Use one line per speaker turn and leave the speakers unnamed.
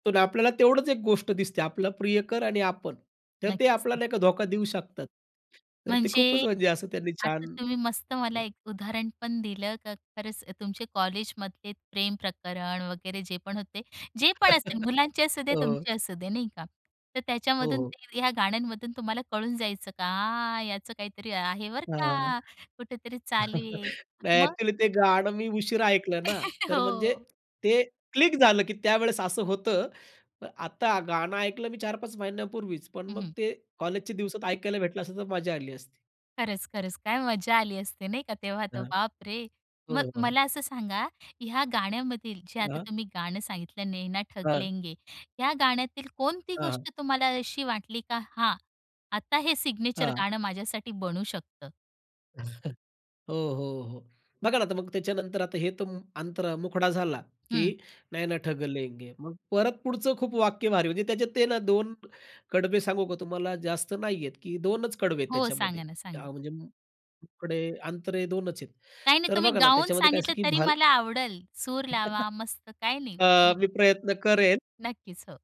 पण आपल्याला तेवढंच एक गोष्ट दिसते, आपला प्रियकर आणि आपण. तर ते
नक्कीच
आपल्याला
न
नाही का धोका देऊ शकतात. तर ते खूपच
म्हणजे,
म्हणजे असं त्यांनी
आता
छान
तुम्ही मस्त मला एक उदाहरण पण दिलं, का खरंच तुमचे कॉलेजमधले प्रेम प्रकरण वगैरे जे पण होते, जे पण असेल मुलांचे असुदे,
हो.
तुमची असू दे नाही का. तर
हो,
त्याच्यामधून
हो.
ते ह्या गाण्यांमधून तुम्हाला कळून जायचं का याचं काहीतरी आहे बरं
हां.
का, कुठेतरी चालू आहे
नाही
मग?
एक्चुअली ते गाणं मी उशिरा ऐकलं ना, तर म्हणजे
हो.
ते क्लिक झालं, की त्यावेळेस असं होतं. आता गाणं ऐकलं मी 4-5 महिन्यांपूर्वीच, पण
हं,
मग
हं.
ते कॉलेजच्या दिवसात ऐकायला भेटलं असतं तर मज्जा आली असती.
खरंच, खरंच, काय मजा आली असते नाही का तेव्हा तर.
हां.
बाप रे! मग
हो, हो.
मला असं सांगा, ह्या गाण्यामधील जे आता
हां?
तुम्ही गाणं सांगितलं नैना ठग
हां.
लेंगे ह्या गाण्यातील कोणती
हां, हां.
गोष्ट तुम्हाला अशी वाटली का, हां, आता हे सिग्नेचर
हां.
गाणं माझ्यासाठी बनू शकतं?
हो, हो, हो. बघा ना आता मग त्याच्यानंतर आता हे तर अंतर मुखडा झाला,
हं.
की नैना ठग लेंगे मग परत पुढचं खूप वाक्य भारी. म्हणजे त्याच्यात ते ना 2 कडवे सांगू का तुम्हाला जास्त नाहीये, की 2चं कडवे आहेत
हो
त्याच्यामध्ये
सांगा ना सांगा?
म्हणजे. मुखडे अंतरे 2चं आहेत.
काही नाही
तर
तुम्ही
बघा ना
गाऊन
त्याच्यामध्ये काय अस
सांगितलं
की
तरी
भाल
मला आवडलं, सूर लावा मस्त काही नाही
अ,
बोला.
मी प्रयत्न करेन.
नक्कीच, हो.